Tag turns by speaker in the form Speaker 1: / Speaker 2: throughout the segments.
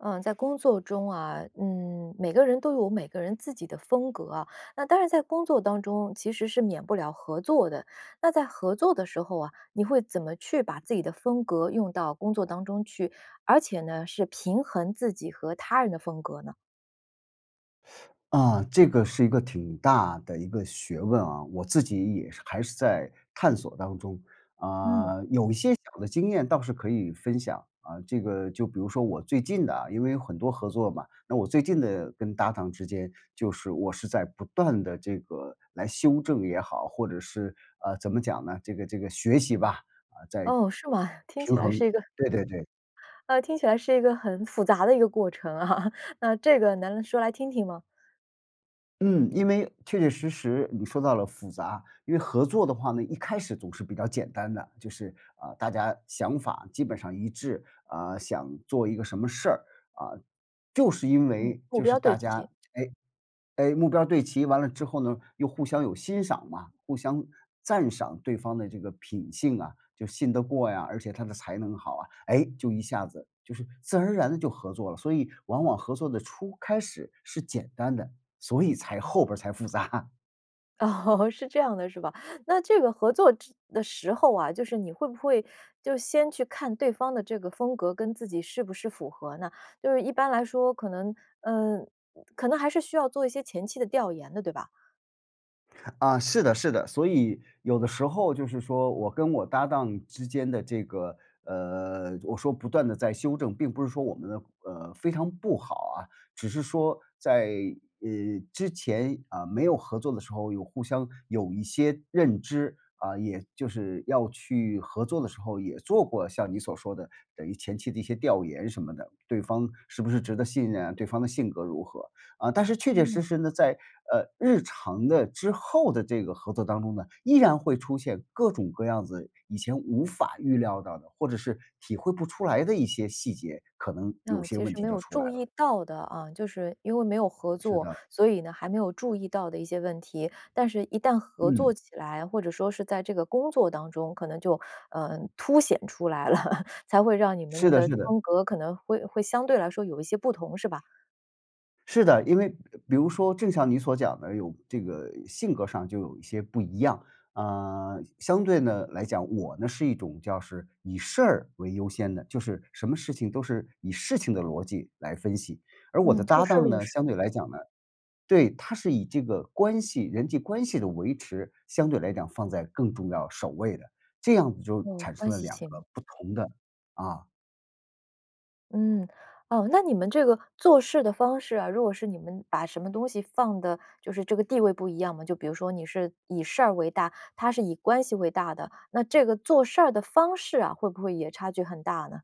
Speaker 1: 嗯，在工作中啊，嗯每个人都有每个人自己的风格啊。那当然在工作当中，其实是免不了合作的。那在合作的时候啊，你会怎么去把自己的风格用到工作当中去，而且呢，是平衡自己和他人的风格呢？
Speaker 2: 啊，这个是一个挺大的一个学问啊。我自己也是还是在探索当中。
Speaker 1: 嗯。
Speaker 2: 啊，有一些小的经验倒是可以分享啊。这个就比如说我最近的因为有很多合作嘛，那我最近的跟搭档之间就是我是在不断地这个来修正也好，或者是，啊，怎么讲呢？这个这个学习吧，啊，在平衡，
Speaker 1: 哦，是吗？听起来是一个
Speaker 2: 对对对。
Speaker 1: 呃，听起来是一个很复杂的一个过程啊，那这个能说来听听吗？
Speaker 2: 嗯，因为确确实实你说到了复杂。因为合作的话呢，一开始总是比较简单的。就是，啊，大家想法基本上一致，啊，想做一个什么事儿，啊，就是因
Speaker 1: 嗯，
Speaker 2: 为
Speaker 1: 目
Speaker 2: 就是
Speaker 1: 标对
Speaker 2: 大
Speaker 1: 齐。
Speaker 2: 家哎哎，目标对齐完了之后呢，又互相有欣赏嘛，互相赞赏对方的这个品性啊，就信得过呀，而且他的才能好啊，哎，就一下子，就是自然而然地就合作了。所以往往合作的初开始是简单的，所以才后边儿才复杂。
Speaker 1: 哦，是这样的是吧？那这个合作之的时候啊，就是你会不会就先去看对方的这个风格跟自己是不是符合呢？就是一般来说，可能呃，可能还是需要做一些前期的调研的，对吧？
Speaker 2: 啊，是的是的。所以有的时候就是说我跟我搭档之间的这个，呃我说不断地在修正，并不是说我们的，呃，非常不好啊。只是说在，呃，之前啊，没有合作的时候有互相有一些认知，啊，也就是要去合作的时候也做过像你所说的等于前期的一些调研什么的。对方是不是值得信任啊？对方的性格如何啊？呃，但是确确实
Speaker 1: 嗯。
Speaker 2: 实呢，在，呃，日常的之后的这个合作当中呢，依然会出现各种各样子以前无法预料到的或者是体会不出来的一些细节，可能有
Speaker 1: 那
Speaker 2: 些
Speaker 1: 其
Speaker 2: 问
Speaker 1: 实
Speaker 2: 题
Speaker 1: 没
Speaker 2: 就
Speaker 1: 有
Speaker 2: 出来
Speaker 1: 注
Speaker 2: 了。
Speaker 1: 意到的啊，就是因为没有合
Speaker 2: 是
Speaker 1: 作，
Speaker 2: 的。
Speaker 1: 所以呢，还没有注意到的一些问题。但是一旦合作
Speaker 2: 嗯。
Speaker 1: 起来，或者说是在这个工作当中可能就，呃，凸显出来了，才会让你
Speaker 2: 是
Speaker 1: 们
Speaker 2: 的
Speaker 1: 的
Speaker 2: 是的。
Speaker 1: 风格可能会会相对来说有一些不同，是吧？
Speaker 2: 是的，因为比如说正像你所讲的有这个性格上就有一些不一样，啊，相对地来讲，我呢是一种叫是以事儿为优先的，就是什么事情都是以事情的逻辑来分析。而我
Speaker 1: 嗯，
Speaker 2: 的
Speaker 1: 就
Speaker 2: 搭
Speaker 1: 事儿
Speaker 2: 档
Speaker 1: 论
Speaker 2: 呢，
Speaker 1: 事
Speaker 2: 相对
Speaker 1: 儿。
Speaker 2: 来讲呢对，他是以这个关系人际关系的维持，相对来讲放在更重要，首位的。这样子就
Speaker 1: 哦，
Speaker 2: 产
Speaker 1: 关
Speaker 2: 生了
Speaker 1: 系
Speaker 2: 2个
Speaker 1: 行。
Speaker 2: 不同的啊。
Speaker 1: 嗯，哦，那你们这个做事的方式啊，如果是你们把什么东西放的就是这个地位不一样吗？就比如说你是以事儿为大，他是以关系为大的，那这个做事儿的方式啊，会不会也差距很大呢？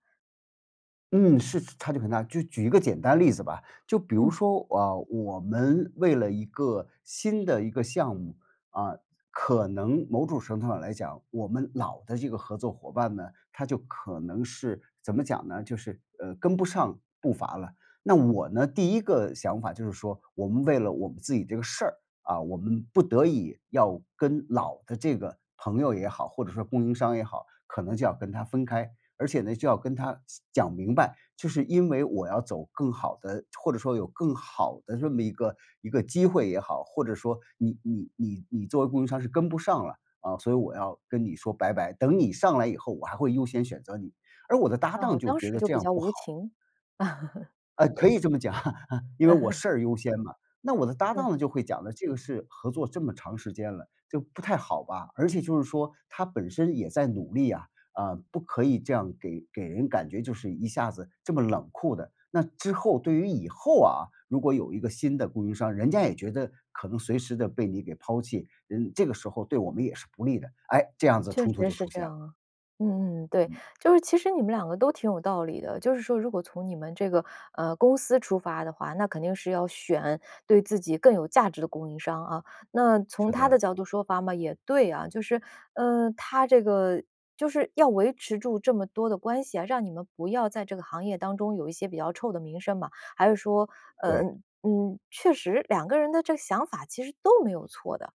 Speaker 2: 嗯，是差距很大。就举一个简单例子吧，就比如
Speaker 1: 嗯。
Speaker 2: 说，啊，我们为了一个新的一个项目，啊，可能某种程度上来讲，我们老的这个合作伙伴呢，他就可能是怎么讲呢，就是，呃，跟不上步伐了。那我呢，第一个想法就是说，我们为了我们自己这个事儿，啊，我们不得已要跟老的这个朋友也好，或者说供应商也好，可能就要跟他分开。而且呢，就要跟他细讲明白，就是因为我要走更好的或者说有更好的这么一个一个机会也好，或者说你你你你作为供应商是跟不上了，啊，所以我要跟你说拜拜，等你上来以后，我还会优先选择你。而我的搭档
Speaker 1: 哦，
Speaker 2: 就
Speaker 1: 当
Speaker 2: 觉
Speaker 1: 时
Speaker 2: 得
Speaker 1: 就
Speaker 2: 这
Speaker 1: 比
Speaker 2: 样
Speaker 1: 较
Speaker 2: 不
Speaker 1: 无
Speaker 2: 好。
Speaker 1: 情。
Speaker 2: 呃，可以这么讲，因为我 事儿优先嘛。那我的搭档
Speaker 1: 嗯。
Speaker 2: 呢就会讲的这个是合作这么长时间了，就不太好吧，而且就是说他本身也在努力啊，啊，不可以这样给给人感觉就是一下子这么冷酷的。那之后对于以后啊，如果有一个新的供应商，人家也觉得可能随时地被你给抛弃，人这个时候对我们也是不利的。哎，这样子
Speaker 1: 确
Speaker 2: 冲突
Speaker 1: 实
Speaker 2: 就
Speaker 1: 是
Speaker 2: 出
Speaker 1: 这
Speaker 2: 现了。
Speaker 1: 样啊，嗯，对。就是其实你们两个都挺有道理的，就是说如果从你们这个，呃，公司出发的话，那肯定是要选对自己更有价值的供应商啊。那从
Speaker 2: 是
Speaker 1: 他的
Speaker 2: 的。
Speaker 1: 角度出发嘛，也对啊，就是，呃，他这个就是要维持住这么多的关系啊，让你们不要在这个行业当中有一些比较臭的名声嘛，还是说，呃，
Speaker 2: 对。
Speaker 1: 嗯确实两个人的这个想法其实都没有错的。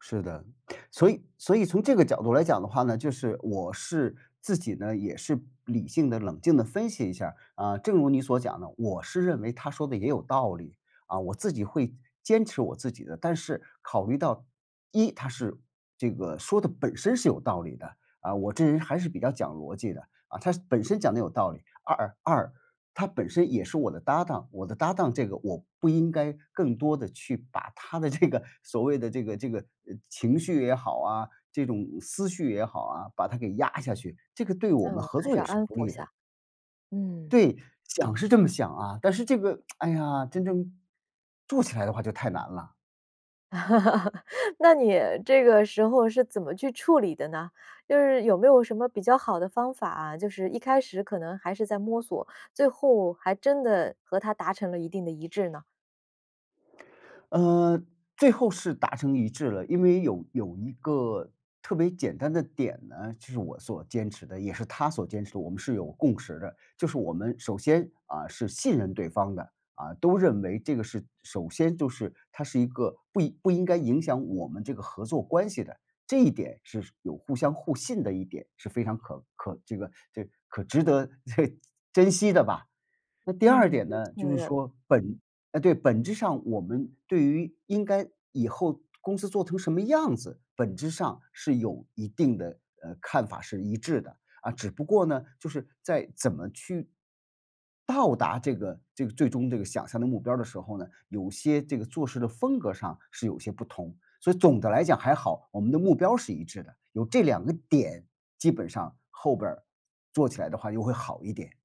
Speaker 2: 是的。所以所以从这个角度来讲的话呢，就是我是自己呢，也是理性地冷静地分析一下儿，啊，正如你所讲的，我是认为他说得也有道理，啊，我自己会坚持我自己的。但是考虑到，一他是这个说的本身是有道理的，啊，我这人还是比较讲逻辑的啊，他本身讲得有道理。二二他本身也是我的搭档，我的搭档，这个我不应该更多地去把他的这个所谓的这个这个情绪也好啊，这种思绪也好啊，把它给压下去，这个对我们
Speaker 1: 嗯，
Speaker 2: 合
Speaker 1: 还
Speaker 2: 作
Speaker 1: 是
Speaker 2: 也
Speaker 1: 要
Speaker 2: 是
Speaker 1: 安
Speaker 2: 不
Speaker 1: 抚
Speaker 2: 利
Speaker 1: 一
Speaker 2: 的。
Speaker 1: 下，嗯。
Speaker 2: 对，想是这么想啊，但是这个，哎呀，真正做起来的话就太难了。
Speaker 1: 那你这个时候是怎么去处理的呢？就是有没有什么比较好的方法啊，就是一开始可能还是在摸索，最后还真的和他达成了一定的一致呢？
Speaker 2: 呃，最后是达成一致了，因为有有一个特别简单的点呢，就是我所坚持的也是他所坚持的，我们是有共识的。就是我们首先，啊，是信任对方的，啊，都认为这个是首先就是它是一个不应不应该影响我们这个合作关系的，这一点是有互相互信的一点是非常可可这个这可值得 珍惜的吧。那第二
Speaker 1: 嗯。
Speaker 2: 点呢，就是
Speaker 1: [unintelligible]
Speaker 2: 说，本呃，对，本质上我们对于应该以后公司做成什么样子，本质上是有一定的呃，看法是一致的。啊，只不过呢，就是在怎么去到达这个这个最终这个想象的目标的时候呢，有些这个做事的风格上是有些不同。所以总的来讲还好，我们的目标是一致的，有这两个点基本上后边儿做起来的话又会好一点。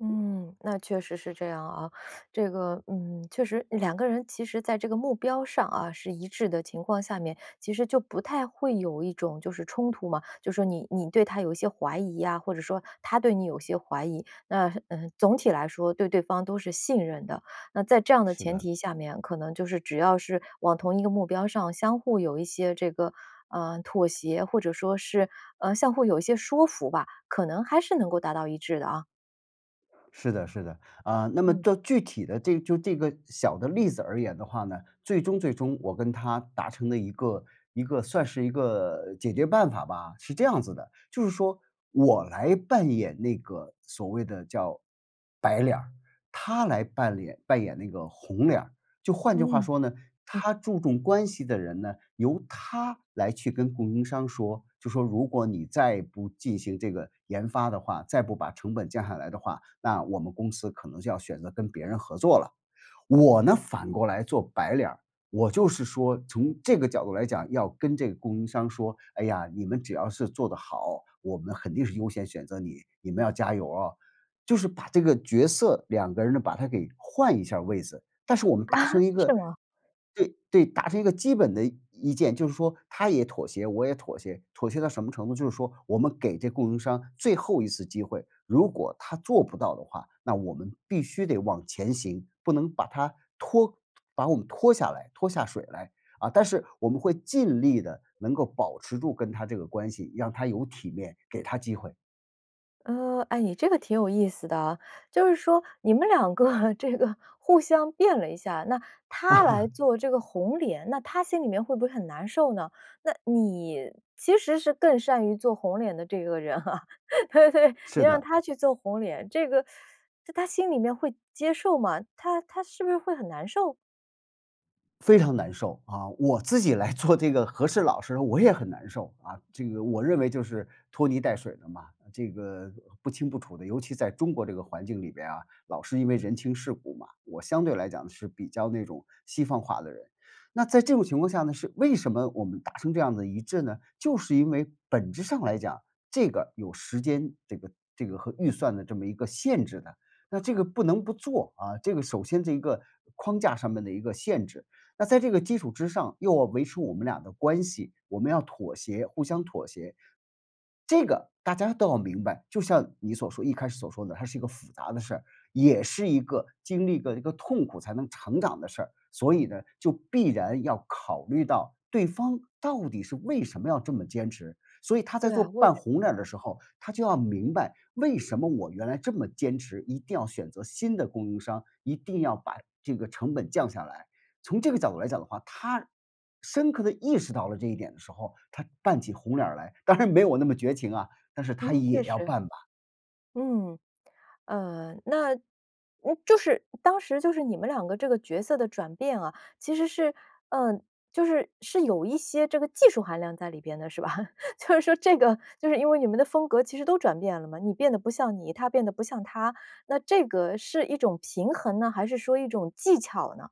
Speaker 1: 嗯，那确实是这样啊。这个，嗯，确实两个人其实在这个目标上啊，是一致的情况下面，其实就不太会有一种就是冲突嘛，就说你你对他有一些怀疑啊，或者说他对你有一些怀疑，那，嗯，总体来说对对方都是信任的。那在这样的
Speaker 2: 是
Speaker 1: 前
Speaker 2: 的。
Speaker 1: 提下面，可能就是只要是往同一个目标上，相互有一些这个，呃，妥协，或者说是，呃，相互有一些说服吧，可能还是能够达到一致的啊。
Speaker 2: 是的是的。啊，那么
Speaker 1: 嗯。
Speaker 2: 到具体的这个就这个小的例子而言的话呢，最终最终我跟他达成的一个一个算是一个解决办法吧，是这样子的：就是说我来扮演那个所谓的叫白脸儿，他来扮演扮演那个红脸儿。就换句话
Speaker 1: 嗯，
Speaker 2: 说呢，
Speaker 1: 嗯。
Speaker 2: 他注重关系的人呢，由他来去跟供应商说，就说如果你再不进行这个研发的话，再不把成本降下来的话，那我们公司可能就要选择跟别人合作了。我呢，反过来做白脸儿，我就是说从这个角度来讲，要跟这供应商说，哎呀，你们只要是做得好，我们肯定是优先选择你，你们要加油啊。就是把这个角色两个人呢，把它给换一下位子，但是我们达
Speaker 1: 啊，
Speaker 2: 成一
Speaker 1: 是
Speaker 2: 个
Speaker 1: 吗？
Speaker 2: 对对，达成一个基本的意见，就是说他也妥协，我也妥协。妥协到什么程度，就是说我们给这供应商最后1次机会，如果他做不到的话，那我们必须得往前行，不能把它拖把我们拖下来拖下水来。啊，但是我们会尽力地能够保持住跟他这个关系，让他有体面，给他机会。
Speaker 1: 嗯，诶，你这个挺有意思的啊。就是说你们两个这个互相变了一下，那他来 做这个红脸，那他心里面会不会很难受呢？那你其实是更善于做红脸的这个人啊，对对，你
Speaker 2: 是
Speaker 1: 让
Speaker 2: 的。
Speaker 1: 他去做红脸，这个 在他心里面会接受吗？他他是不是会很难受？
Speaker 2: 非常难受，啊，我自己来做这个和事佬时我也很难受啊。这个我认为就是拖泥带水的嘛，这个不清不楚的。尤其在中国这个环境里边啊，老是因为人情世故嘛，我相对来讲是比较那种西方化的人。那在这种情况下呢，是为什么我们达成这样的一致呢？就是因为本质上来讲，这个有时间这个这个和预算的这么一个限制的。那这个不能不做，啊，这个首先是一个框架上面的一个限制。那在这个基础之上又要维持我们俩的关系，我们要妥协、互相妥协。这个大家都要明白，就像你所说一开始所说的，它是一个复杂的事儿，也是一个经历过一个痛苦才能成长的事儿。所以呢，就必然要考虑到对方到底是为什么要这么坚持。所以他在
Speaker 1: 对
Speaker 2: 做
Speaker 1: 啊，我也觉
Speaker 2: 扮红脸儿的时候，他就要明白为什么我原来这么坚持一定要选择新的供应商，一定要把这个成本降下来。从这个角度来讲的话，他深刻地意识到了这一点的时候，他扮起红脸儿来当然没有我那么绝情啊，但是他
Speaker 1: 嗯，确
Speaker 2: 也要
Speaker 1: 实。
Speaker 2: 扮吧。
Speaker 1: 嗯，呃，那嗯，就是当时就是你们两个这个角色的转变啊，其实是呃，就是是有一些这个技术含量在里边的，是吧？就是说这个就是因为你们的风格其实都转变了嘛，你变得不像你，他变得不像他。那这个是一种平衡呢，还是说一种技巧呢？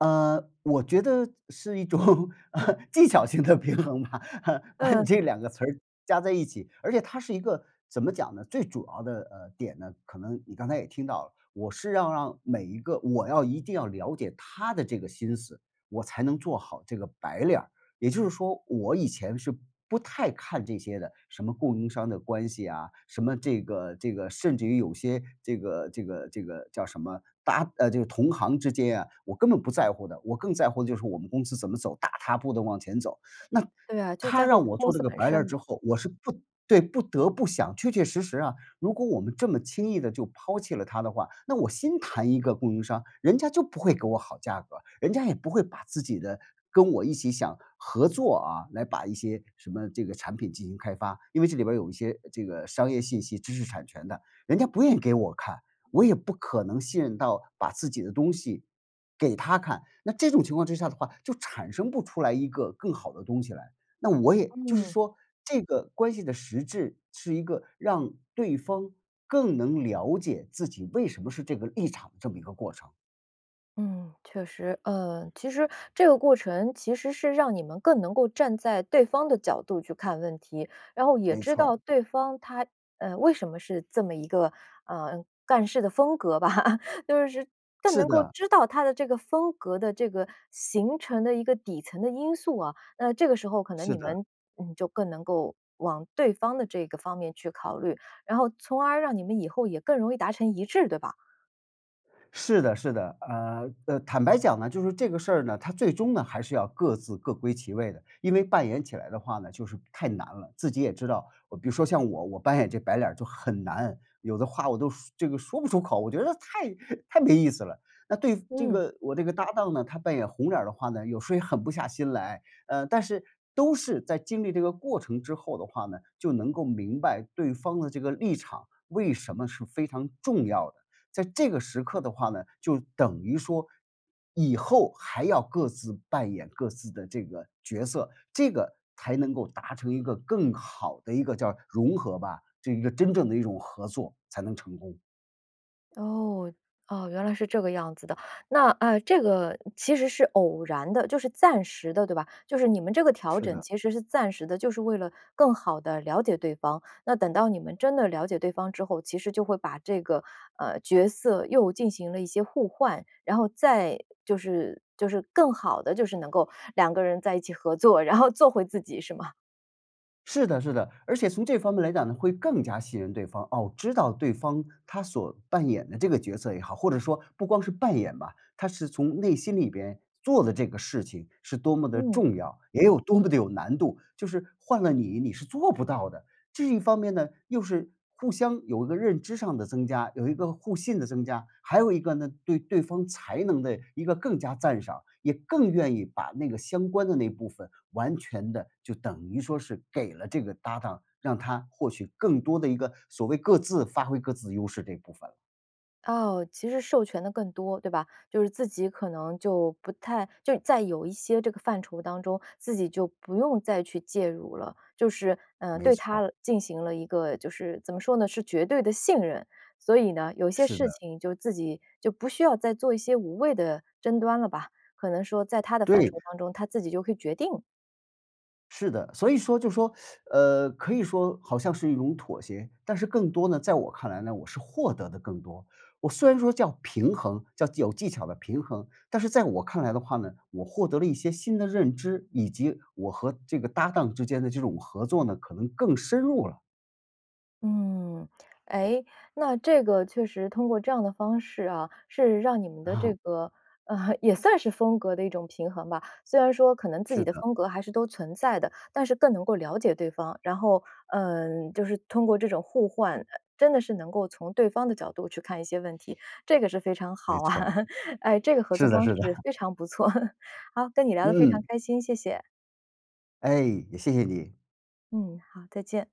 Speaker 2: 呃，我觉得是一种，呃，技巧性的平衡吧，把你
Speaker 1: 嗯。
Speaker 2: 这两个词儿加在一起。而且它是一个怎么讲呢，最主要的，呃，点呢，可能你刚才也听到了，我是要让每一个我要一定要了解他的这个心思，我才能做好这个白脸儿。也就是说我以前是不太看这些的，什么供应商的关系啊，什么这个这个甚至于有些这个这个这个叫什么搭呃，这个同行之间啊，我根本不在乎的。我更在乎的就是我们公司怎么走，大踏步地往前走。那
Speaker 1: 对啊，就
Speaker 2: 他
Speaker 1: 在乎
Speaker 2: 让我
Speaker 1: 公
Speaker 2: 做这
Speaker 1: 司
Speaker 2: 个
Speaker 1: 本
Speaker 2: 白
Speaker 1: 身
Speaker 2: 脸儿
Speaker 1: 嘛。
Speaker 2: 之后，我是不对，不得不想确确实实啊，如果我们这么轻易地就抛弃了他的话，那我先谈一个供应商，人家就不会给我好价格，人家也不会把自己的跟我一起想合作啊，来把一些什么这个产品进行开发。因为这里边有一些这个商业信息，知识产权的，人家不愿意给我看，我也不可能信任到把自己的东西，给他看。那这种情况之下的话，就产生不出来一个更好的东西来。那我也就是
Speaker 1: 嗯。
Speaker 2: 说这个关系的实质是一个让对方更能了解自己为什么是这个立场这么一个过程。
Speaker 1: 嗯，确实。呃，其实这个过程其实是让你们更能够站在对方的角度去看问题，然后也
Speaker 2: 没
Speaker 1: 知道
Speaker 2: 错。
Speaker 1: 对方他，呃，为什么是这么一个呃，干事的风格吧，就是更
Speaker 2: 是
Speaker 1: 能够
Speaker 2: 的。
Speaker 1: 知道他的这个风格的这个形成的一个底层的因素啊，那这个时候可能
Speaker 2: 是
Speaker 1: 你
Speaker 2: 的。
Speaker 1: 们，嗯，就更能够往对方的这个方面去考虑，然后从而让你们以后也更容易达成一致，对吧？
Speaker 2: 是的是的，呃，呃，坦白讲呢，就是这个事儿呢，它最终呢，还是要各自各归其位的，因为扮演起来的话呢，就是太难了，自己也知道，比如说像我我扮演这白脸儿就很难，有的话我都说这个说不出口，我觉得太太没意思了。那对这
Speaker 1: 嗯。
Speaker 2: 个我这个搭档呢，他扮演红脸儿的话呢，有时候也狠不下心来，呃，但是都是在经历这个过程之后的话呢，就能够明白对方的这个立场为什么是非常重要的，在这个时刻的话呢，就等于说以后还要各自扮演各自的这个角色，这个才能够达成一个更好的一个叫融合吧，这一个真正的一种合作，才能成功。
Speaker 1: 哦，啊，原来是这个样子的。那，啊，这个其实是偶然的，就是暂时的对吧？就是你们这个调
Speaker 2: 是
Speaker 1: 整
Speaker 2: 的。
Speaker 1: 其实是暂时的，就是为了更好地了解对方。那等到你们真的了解对方之后，其实就会把这个，呃，角色又进行了一些互换，然后再就是就是更好地就是能够两个人在一起合作，然后做回自己是吗？
Speaker 2: 是的是的。而且从这方面来讲呢，会更加信任对方。哦，知道对方他所扮演的这个角色也好，或者说不光是扮演吧，他是从内心里边做的这个事情是多么地
Speaker 1: 嗯。
Speaker 2: 重要，也有多么地有难度。就是换了你，你是做不到的。这一方面呢，又是互相有一个认知上的增加、有一个互信的增加，还有一个呢，对对方才能的一个更加赞赏，也更愿意把那个相关的那部分完全地就等于说是给了这个搭档，让他获取更多的一个所谓各自发挥各自优势这部分了。
Speaker 1: 哦，其实授权得更多，对吧。就是自己可能就不太就在有一些这个范畴当中，自己就不用再去介入了。就是，呃，
Speaker 2: 没
Speaker 1: 对
Speaker 2: 错儿。
Speaker 1: 他进行了一个就是怎么说呢，是绝对地信任。所以呢，有些
Speaker 2: 是
Speaker 1: 事
Speaker 2: 的。
Speaker 1: 情就自己就不需要再做一些无谓的争端了吧，可能说在他的范
Speaker 2: 对。
Speaker 1: 畴当中，他自己就可以决定。
Speaker 2: 是的。所以说就说，呃，可以说好像是一种妥协，但是更多呢，在我看来呢，我是获得的更多。我虽然说叫平衡，叫有技巧的平衡，但是在我看来的话呢，我获得了一些新的认知，以及我和这个搭档之间的这种合作呢，可能更深入了。
Speaker 1: 嗯，诶，那这个确实通过这样的方式啊，是让你们的这
Speaker 2: 啊。
Speaker 1: 个，呃，也算是风格的一种平衡吧。虽然说可能自己
Speaker 2: 是
Speaker 1: 的
Speaker 2: 的。
Speaker 1: 风格还是都存在的，但是更能够了解对方，然后，呃，就是通过这种互换，呃真的是能够从对方的角度去看一些问题，这个是非常
Speaker 2: 没
Speaker 1: 好啊，
Speaker 2: 错儿。
Speaker 1: 哎，这个合作
Speaker 2: 是的
Speaker 1: 方
Speaker 2: 是
Speaker 1: 式
Speaker 2: 的。
Speaker 1: 非常不错。好，跟你聊得非常
Speaker 2: 嗯。
Speaker 1: 开心，谢谢。
Speaker 2: 哎，也谢谢你。
Speaker 1: 嗯，好，再见。